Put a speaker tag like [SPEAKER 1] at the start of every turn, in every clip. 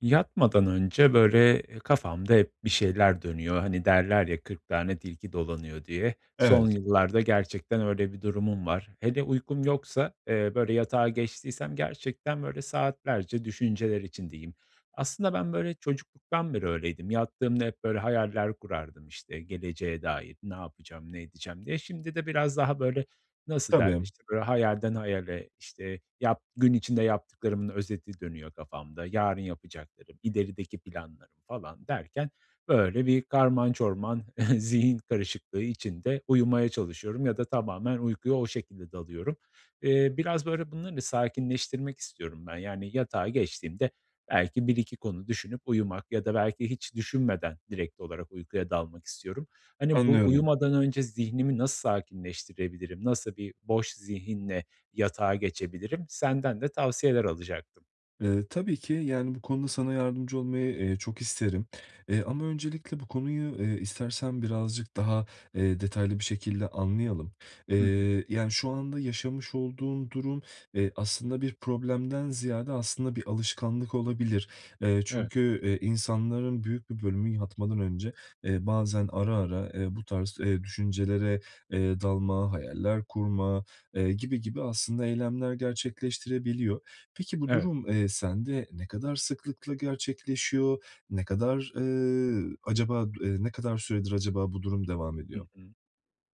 [SPEAKER 1] Yatmadan önce, böyle, eee, kafamda hep bir şeyler dönüyor, hani, derler ya, "40 tane tilki dolanıyor." diye. Son
[SPEAKER 2] Evet.
[SPEAKER 1] yıllarda gerçekten öyle bir durumum var. Hele uykum yoksa, eee, böyle, yatağa geçtiysem gerçekten, böyle, saatlerce düşünceler içindeyim. Aslında ben, böyle, çocukluktan beri öyleydim. Yattığımda hep, böyle, hayaller kurardım, işte, geleceğe dair ne yapacağım, ne edeceğim diye. Şimdi de biraz daha, böyle, nasıl
[SPEAKER 2] Tabii
[SPEAKER 1] derler,
[SPEAKER 2] m
[SPEAKER 1] işte, böyle, hayalden hayale, işte, yap gün içinde yaptıklarımın özeti dönüyor kafamda, yarın yapacaklarım, ilerideki planlarım falan derken böyle bir karman çorman zihin karışıklığı içinde uyumaya çalışıyorum ya da tamamen uykuya o şekilde dalıyorum. Eee, biraz, böyle, bunları da sakinleştirmek istiyorum ben, yani, yatağa geçtiğimde belki 1-2 konu düşünüp uyumak ya da belki hiç düşünmeden direkt olarak uykuya dalmak istiyorum. Hani, bu
[SPEAKER 2] Anlıyorum.
[SPEAKER 1] uyumadan önce zihnimi nasıl sakinleştirebilirim? Nasıl bir boş zihinle yatağa geçebilirim? Senden de tavsiyeler alacaktım.
[SPEAKER 2] Eee, tabii ki, yani, bu konuda sana yardımcı olmayı, eee, çok isterim. Eee, ama öncelikle bu konuyu, eee, istersen birazcık daha, eee, detaylı bir şekilde anlayalım.
[SPEAKER 1] Hı hı.
[SPEAKER 2] Eee, yani, şu anda yaşamış olduğun durum, eee, aslında bir problemden ziyade, aslında, bir alışkanlık olabilir. Eee,
[SPEAKER 1] Evet.
[SPEAKER 2] çünkü, eee, insanların büyük bir bölümü yatmadan önce, eee, bazen ara ara, eee, bu tarz, eee, düşüncelere, eee, dalma, hayaller kurma, eee, gibi gibi aslında eylemler gerçekleştirebiliyor. Peki, bu
[SPEAKER 1] Evet.
[SPEAKER 2] durum, eee, sende ne kadar sıklıkla gerçekleşiyor, ne kadar, eee, acaba du eee, ne kadar süredir acaba bu durum devam
[SPEAKER 1] Hı
[SPEAKER 2] ediyor?
[SPEAKER 1] hı.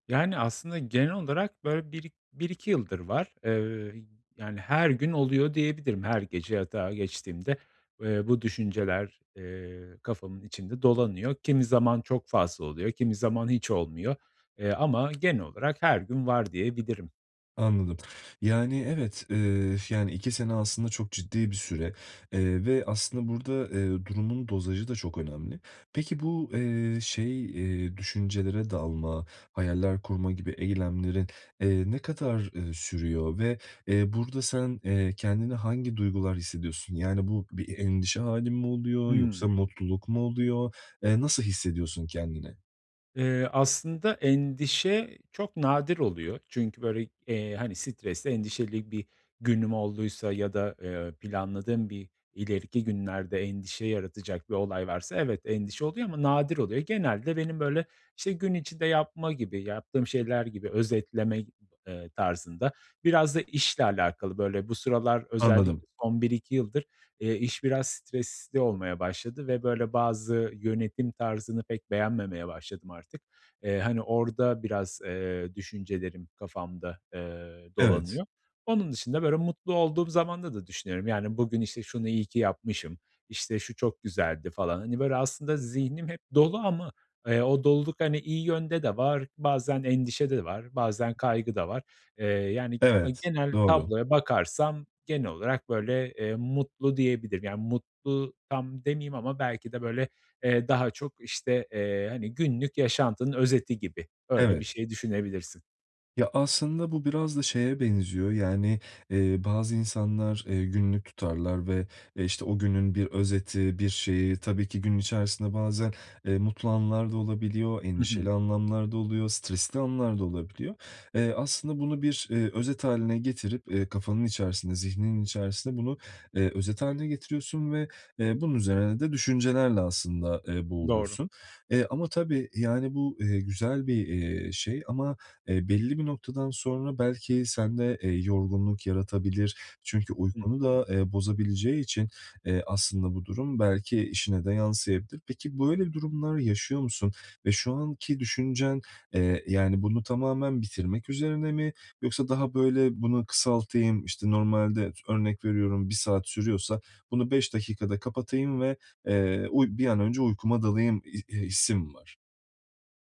[SPEAKER 1] Yani, aslında, genel olarak böyle bir i bir iki yıldır var. Eee, ööö, y yani, her gün oluyor diyebilirim, her gece yatağa geçtiğimde, eee, bu düşünceler, eee, kafamın içinde dolanıyor. Kimi zaman çok fazla oluyor kimi zaman hiç olmuyor, eee, ama genel olarak her gün var diyebilirim.
[SPEAKER 2] Anladım. Yani, evet, eee, ş yani, 2 sene aslında çok ciddi bir süre, eee, ve aslında burada, eee, durumun dozajı da çok önemli. Peki bu, eee, şey, eee, düşüncelere dalma, hayaller kurma gibi eylemlerin, eee, ne kadar, ııı, sürüyor? Ve, eee, burada sen, eee, kendine hangi duygular hissediyorsun? Yani, bu bir e endişe hâli mi oluyor yoksa
[SPEAKER 1] Imm.
[SPEAKER 2] mutluluk mu oluyor? Eee, nasıl hissediyorsun kendini?
[SPEAKER 1] Eee, aslında endişe çok nadir oluyor çünkü, böyle, eee, hani, stresli, endişeli bir günüm olduysa ya da, eee, planladığım bir ileriki günlerde endişe yaratacak bir olay varsa evet endişe oluyor ama nadir oluyor. Genelde benim, böyle, işte, gün içinde yapma gibi, yaptığım şeyler gibi özetleme, [unintelligible] eee, tarzında biraz da işle alakalı, böyle, bu sıralar
[SPEAKER 2] Anladım.
[SPEAKER 1] özellikle son 1-2 yıldır, eee, iş biraz stresli olmaya başladı ve, böyle, bazı yönetim tarzını pek beğenmemeye başladım artık. Eee, hani, orada biraz, eee, düşüncelerim kafamda, eee,
[SPEAKER 2] Evet.
[SPEAKER 1] dolanıyor. Onun dışında, böyle, mutlu olduğum zamanda da düşünüyorum, yani, bugün, işte, şunu iyi ki yapmışım, işte, şu çok güzeldi falan. Hani, böyle, aslında zihnim hep dolu ama, eee, o doluluk, hani, iyi yönde de var, bazen endişe de var, bazen kaygı da var. Eee, yani, ama
[SPEAKER 2] Evet.
[SPEAKER 1] genel
[SPEAKER 2] Doğru.
[SPEAKER 1] tabloya bakarsam genel olarak, böyle, eee, mutlu diyebilirim. Yani, mutlu tam demeyeyim ama belki de, böyle, eee, daha çok, işte, eee, hani, günlük yaşantının özeti gibi. Öyle bir
[SPEAKER 2] Evet.
[SPEAKER 1] şey düşünebilirsin.
[SPEAKER 2] Ya, aslında bu biraz da şeye benziyor, yani, eee, bazı insanlar, eee, günlük tutarlar ve, eee, işte, o günün bir özeti, bir şeyi tabii ki, gün içerisinde bazen, eee, mutlu anlar da olabiliyor,
[SPEAKER 1] Hı hı.
[SPEAKER 2] endişeli anlamlar da oluyor, stresli anlar da olabiliyor. Eee, aslında bunu bir, eee, özet hâline getirip, eee, kafanın içerisinde, zihninin içerisinde bunu, eee, özet hâline getiriyorsun ve, eee, bunun üzerine de düşüncelerle aslında, eee,
[SPEAKER 1] Doğru.
[SPEAKER 2] boğuluyorsun. Eee, ama tabii, yani, bu, eee, güzel bir, eee, şey ama, eee, belli bir noktadan sonra belki sende, eee, yorgunluk yaratabilir. Çünkü
[SPEAKER 1] Hı
[SPEAKER 2] uykunu da,
[SPEAKER 1] hı.
[SPEAKER 2] eee, bozabileceği için, eee, aslında bu durum belki işine de yansıyabilir. Peki böyle durumlar yaşıyor musun ve şu anki düşüncen, eee, yani, bunu tamamen bitirmek üzerine mi yoksa daha böyle bunu kısaltayım, işte, normalde ıs örnek veriyorum 1 saat sürüyorsa bunu 5 dakikada kapatayım ve, eee, uy bir an önce uykuma dalayım ih ih hissi mi var?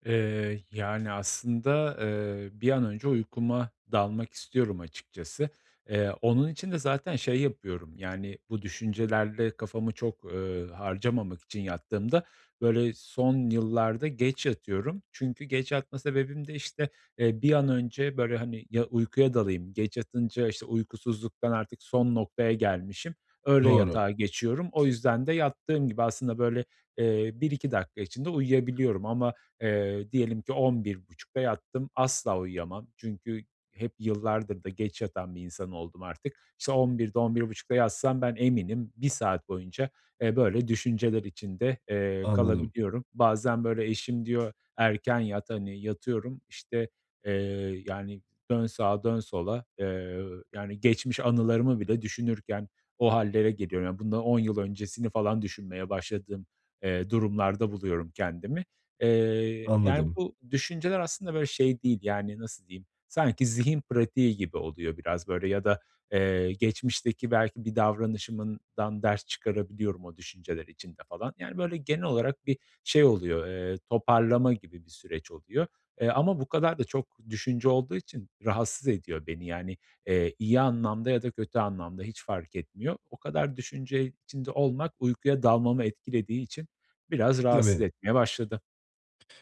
[SPEAKER 1] Eee, yani aslında, eee, bir an önce uykuma dalmak istiyorum açıkçası. Eee, onun için de zaten şey yapıyorum, yani, bu düşüncelerle kafamı çok, ııı, harcamamak için yattığımda, böyle son yıllarda geç yatıyorum. Çünkü geç yatma sebebim de, işte, eee, bir an önce, böyle hani, ya uykuya dalayım; geç yatınca işte uykusuzluktan artık son noktaya gelmişim, öyle
[SPEAKER 2] Doğru.
[SPEAKER 1] yatağa geçiyorum. O yüzden de yattığım gibi, aslında böyle, eee, 1-2 dakika içinde uyuyabiliyorum, ama, eee, diyelim ki 11.30'da yattım, asla uyuyamam. Çünkü hep yıllardır da geç yatan bir insan oldum artık. İşte, 11.00'de, 11.30'da yatsam ben, eminim 1 saat boyunca, eee, böyle düşünceler içinde, eee,
[SPEAKER 2] Anladım.
[SPEAKER 1] kalabiliyorum. Bazen, böyle, eşim diyor, "erken yat" hani, yatıyorum, işte, eee, yani, dön sağa, dön sola, eee, yani geçmiş anılarımı bile düşünürken o hallere geliyorum. Ya, bundan 10 yıl öncesini falan düşünmeye başladığım, eee, durumlarda buluyorum kendimi. Eee, yani
[SPEAKER 2] Anladım.
[SPEAKER 1] bu düşünceler aslında böyle şey değil, yani, nasıl diyeyim, sanki zihin pratiği gibi oluyor biraz böyle ya da, eee, geçmişteki belki bir davranışımdan ders çıkarabiliyorum o düşünceler içinde falan. Yani, böyle genel olarak bir şey oluyor, eee, toparlama gibi bir süreç oluyor. Eee, ama bu kadar da çok düşünce olduğu için rahatsız ediyor beni. Yani, eee, iyi anlamda ya da kötü anlamda hiç fark etmiyor. O kadar düşünce içinde olmak uykuya dalmamı etkilediği için biraz rahatsız
[SPEAKER 2] Tabii.
[SPEAKER 1] etmeye başladı.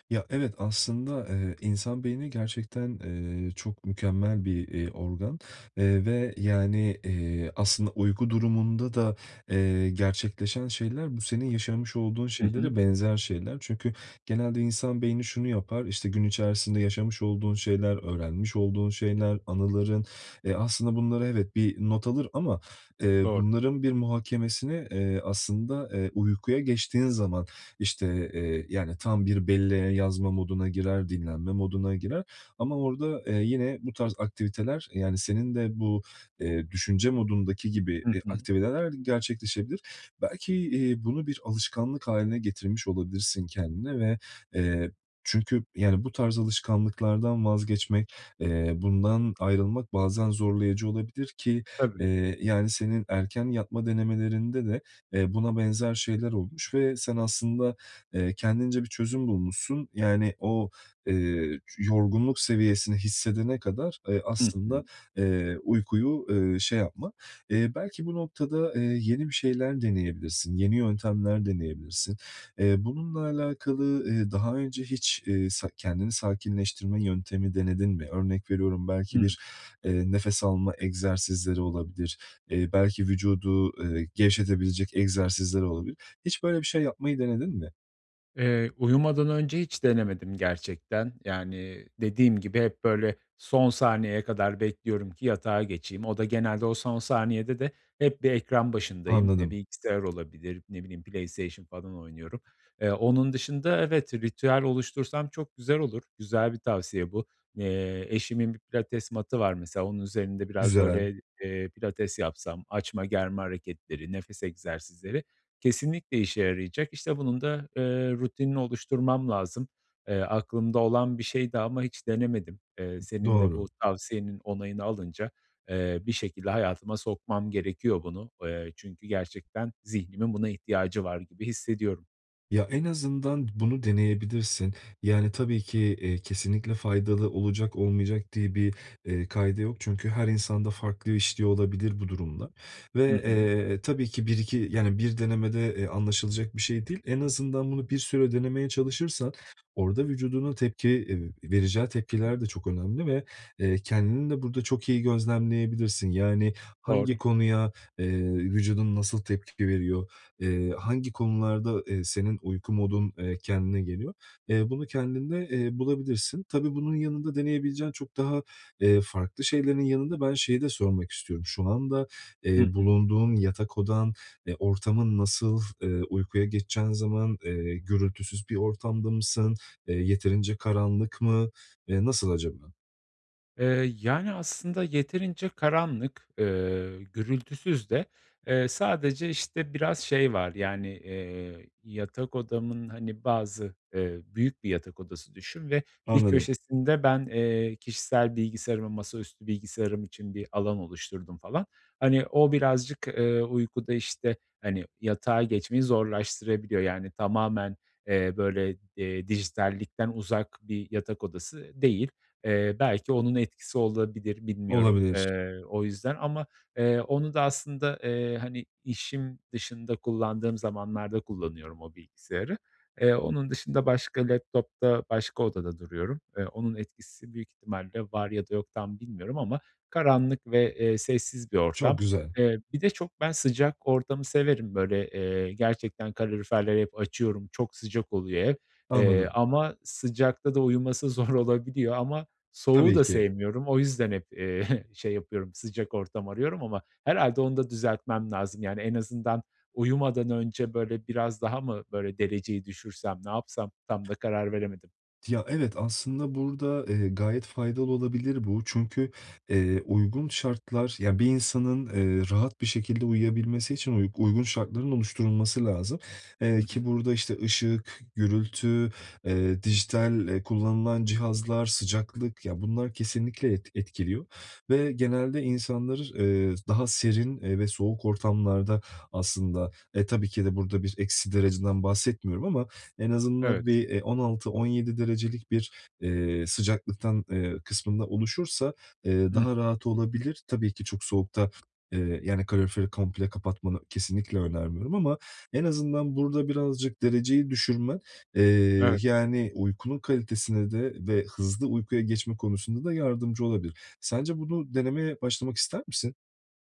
[SPEAKER 2] Ya evet, aslında, eee, insan beyni gerçekten, eee, çok mükemmel bir, iii, organ, eee, ve yani, iii, aslında uyku durumunda da, eee, gerçekleşen şeyler, bu senin yaşamış olduğun
[SPEAKER 1] Hı hı.
[SPEAKER 2] şeylere benzer şeyler. Çünkü genelde insan beyni şunu yapar, işte gün içerisinde yaşamış olduğun şeyler, öğrenmiş olduğun şeyler, anıların, eee, aslında bunlara, evet, bir not alır, ama, eee,
[SPEAKER 1] Doğru.
[SPEAKER 2] bunların bir muhakemesini, eee, aslında, eee, uykuya geçtiğin zaman, işte, eee, yani tam bir belleğe yazma moduna girer, dinlenme moduna girer. Ama orada, eee, yine bu tarz aktiviteler, yani, senin de bu, eee, düşünce modundaki gibi
[SPEAKER 1] Hı
[SPEAKER 2] bir
[SPEAKER 1] hı.
[SPEAKER 2] aktiviteler gerçekleşebilir. Belki, iii, bunu bir alışkanlık haline getirmiş olabilirsin kendine ve, eee, çünkü, yani, bu tarz alışkanlıklardan vazgeçmek, eee, bundan ayrılmak bazen zorlayıcı olabilir, ki,
[SPEAKER 1] Tabii.
[SPEAKER 2] iii, yani senin erken yatma denemelerinde de, eee, buna benzer şeyler olmuş ve sen aslında, eee, kendince bir çözüm bulmuşsun, yani o, eee, yorgunluk seviyesini hissedene kadar, eee,
[SPEAKER 1] Hı
[SPEAKER 2] aslında,
[SPEAKER 1] hı.
[SPEAKER 2] eee, uykuyu, eee, şey yapma. İii, belki bu noktada, iii, yeni bir şeyler deneyebilirsin, yeni yöntemler deneyebilirsin. Eee, bununla alakalı, iii, daha önce hiç, ııı, sa kendini sakinleştirme yöntemi denedin mi? Örnek veriyorum, belki
[SPEAKER 1] Hıı.
[SPEAKER 2] bir, eee, nefes alma egzersizleri olabilir, eee, belki vücudu, ııı, gevşetebilecek egzersizler olabilir. Hiç böyle bir şey yapmayı denedin mi?
[SPEAKER 1] Eee, uyumadan önce hiç denemedim gerçekten. Yani, dediğim gibi hep böyle son saniyeye kadar bekliyorum ki yatağa geçeyim. O da genelde, o son saniyede de hep bir ekran başındayım. Eee,
[SPEAKER 2] Anladım.
[SPEAKER 1] bilgisayar olabilir, ne bileyim, PlayStation falan oynuyorum. Eee, onun dışında, evet, ritüel oluştursam çok güzel olur. Güzel bir tavsiye bu. Eee, eşimin 1 pilates mat'ı var mesela, onun üzerinde biraz
[SPEAKER 2] Güzel.
[SPEAKER 1] böyle, eee, pilates yapsam, açma-germe hareketleri, nefes egzersizleri kesinlikle işe yarayacak. İşte bunun da, ııı, rutinini oluşturmam lazım. Eee, aklımda olan bir şeydi ama hiç denemedim. Eee, senin de bu
[SPEAKER 2] Doğru.
[SPEAKER 1] tavsiyenin onayını alınca, eee, bir şekilde hayatıma sokmam gerekiyor bunu. Eee, çünkü gerçekten zihnimin buna ihtiyacı var gibi hissediyorum.
[SPEAKER 2] Ya, en azından bunu deneyebilirsin. Yani, tabii ki, ııı, kesinlikle faydalı olacak, olmayacak diye bir, eee, kaide yok, çünkü her insanda farklı işliyor olabilir bu durumlar ve,
[SPEAKER 1] Hı hı.
[SPEAKER 2] eee, tabii ki 1-2, yani 1 denemede, eee, anlaşılacak bir şey değil. En azından bunu bir süre denemeye çalışırsan orada vücudunun tepki, eee, vereceği tepkiler de çok önemli ve, eee, kendini de burada çok iyi gözlemleyebilirsin. Yani, hangi
[SPEAKER 1] Doğru.
[SPEAKER 2] konuya, eee, vücudun nasıl tepki veriyor, eee, hangi konularda, eee, senin uyku modun, eee, kendine geliyor, eee, bunu kendinde, eee, bulabilirsin. Tabii bunun yanında deneyebileceğin çok daha, eee, farklı şeylerin yanında ben şeyi de sormak istiyorum; şu anda,
[SPEAKER 1] Hı
[SPEAKER 2] eee,
[SPEAKER 1] hı.
[SPEAKER 2] bulunduğun yatak odan, eee, ortamın nasıl? Eee, uykuya geçeceğin zaman, eee, gürültüsüz bir ortamda mısın? Eee, yeterince karanlık mı? Eee, nasıl acaba?
[SPEAKER 1] Eee, yani, aslında yeterince karanlık, eee, gürültüsüz de, eee, sadece, işte, biraz şey var, yani, eee, yatak odamın, hani, bazı, eee, büyük bir yatak odası düşün ve bir
[SPEAKER 2] Anladım.
[SPEAKER 1] köşesinde ben, eee, kişisel bilgisayarıma, masaüstü bilgisayarım için bir alan oluşturdum falan. Hani, o birazcık, eee, uykuda işte, hani, yatağa geçmeyi zorlaştırabiliyor. Yani, tamamen, eee, böyle, eee, dijitallikten uzak bir yatak odası değil. Eee, belki onun etkisi olabilir, bilmiyorum,
[SPEAKER 2] Olabilir.
[SPEAKER 1] eee, o yüzden. Ama, eee, onu da aslında, eee, hani, işim dışında kullandığım zamanlarda kullanıyorum o bilgisayarı. Eee, onun dışında başka laptop'ta, başka odada duruyorum. Eee, onun etkisi büyük ihtimalle var ya da yok, tam bilmiyorum ama karanlık ve, eee, sessiz bir
[SPEAKER 2] Çok
[SPEAKER 1] ortam.
[SPEAKER 2] güzel.
[SPEAKER 1] Eee, bir de çok ben sıcak ortamı severim, böyle, eee, gerçekten kaloriferleri hep açıyorum, çok sıcak oluyor ev. Eee,
[SPEAKER 2] Anladım.
[SPEAKER 1] ama sıcakta da uyuması zor olabiliyor ama soğuğu
[SPEAKER 2] Tabii
[SPEAKER 1] da
[SPEAKER 2] ki.
[SPEAKER 1] sevmiyorum, o yüzden hep, eee, şey yapıyorum sıcak ortam arıyorum ama herhâlde onu da düzeltmem lazım. Yani, en azından uyumadan önce, böyle, biraz daha mı böyle dereceyi düşürsem, ne yapsam? Tam da karar veremedim.
[SPEAKER 2] Ya, evet aslında burada, eee, gayet faydalı olabilir bu. Çünkü, eee, uygun şartlar, ya, bir insanın, eee, rahat bir şekilde uyuyabilmesi için uy uygun şartların oluşturulması lazım, eee,
[SPEAKER 1] Hı
[SPEAKER 2] ki
[SPEAKER 1] hı.
[SPEAKER 2] burada işte ışık, gürültü, eee, dijital, eee, kullanılan cihazlar, sıcaklık ya, bunlar kesinlikle et etkiliyor ve genelde insanlar, eee, daha serin, eee, ve soğuk ortamlarda aslında, e, tabii ki de burada bir eksi dereceden bahsetmiyorum ama en azından
[SPEAKER 1] Evet.
[SPEAKER 2] bir, eee, 16-17 derecelik bir, eee, sıcaklıktan, eee, kısmında oluşursa, eee,
[SPEAKER 1] Hıh.
[SPEAKER 2] daha rahat olabilir. Tabii ki çok soğukta, eee, yani kaloriferi komple kapatmanı kesinlikle önermiyorum ama en azından burada birazcık dereceyi düşürme, eee,
[SPEAKER 1] Evet.
[SPEAKER 2] yani, uykunun kalitesine de ve hızlı uykuya geçme konusunda da yardımcı olabilir. Sence bunu denemeye başlamak ister misin?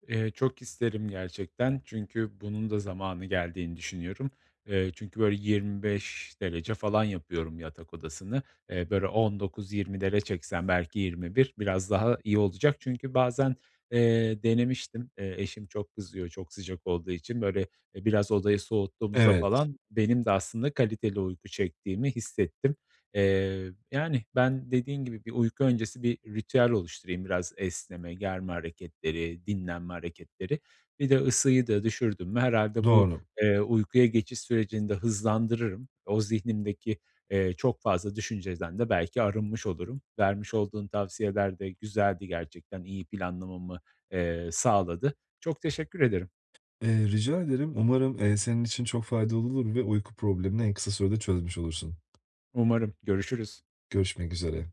[SPEAKER 1] Eee, çok isterim gerçekten. Çünkü bunun da zamanı geldiğini düşünüyorum, Eee, çünkü, böyle, 25 derece falan yapıyorum yatak odasını, eee, böyle, 19-20'lere çeksem, belki 21 biraz daha iyi olacak. Çünkü bazen, eee, denemiştim, eee, eşim çok kızıyor, çok sıcak olduğu için, böyle, e, biraz odayı soğuttuğumuzda
[SPEAKER 2] Evet.
[SPEAKER 1] falan benim de aslında kaliteli uyku çektiğimi hissettim. Eee, yani, ben, dediğin gibi bir uyku öncesi bir ritüel oluşturayım biraz esneme, germe hareketleri, dinlenme hareketleri. Bir de ısıyı da düşürdüm mü herhâlde bu,
[SPEAKER 2] Doğru.
[SPEAKER 1] eee, uykuya geçiş sürecini de hızlandırırım. O zihnimdeki, eee, çok fazla düşünceden de belki arınmış olurum. Vermiş olduğun tavsiyeler de güzeldi gerçekten, iyi planlamamı, eee, sağladı. Çok teşekkür ederim.
[SPEAKER 2] Eee, rica ederim. Umarım, eee, senin için çok faydalı olur ve uyku problemini en kısa sürede çözmüş olursun.
[SPEAKER 1] Umarım, görüşürüz.
[SPEAKER 2] Görüşmek üzere.